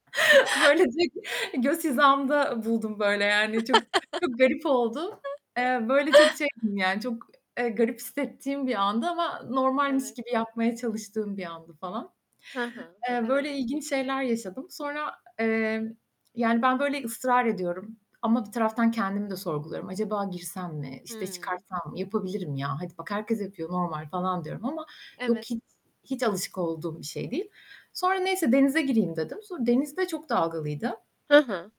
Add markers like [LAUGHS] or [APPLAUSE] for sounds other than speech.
Böylece göz hizamda buldum, böyle, yani, çok çok garip oldu. [LAUGHS] Eee, böyle, çok şeydim yani, çok, eee, garip hissettiğim bir andı ama normalmiş Evet. gibi yapmaya çalıştığım bir andı falan. Hı hı, Eee, evet. böyle ilginç şeyler yaşadım. Sonra, emm, yani, ben, böyle, ısrar ediyorum ama bir taraftan kendimi de sorguluyorum. Acaba girsem mi, işte Hımm. çıkarsam mı, yapabilirim ya, hadi bak herkes yapıyor, normal falan diyorum ama yok Evet. hiç, hiç alışık olduğum bir şey değil. Sonra neyse denize gireyim dedim. Sonra deniz de çok dalgalıydı. Hı hı.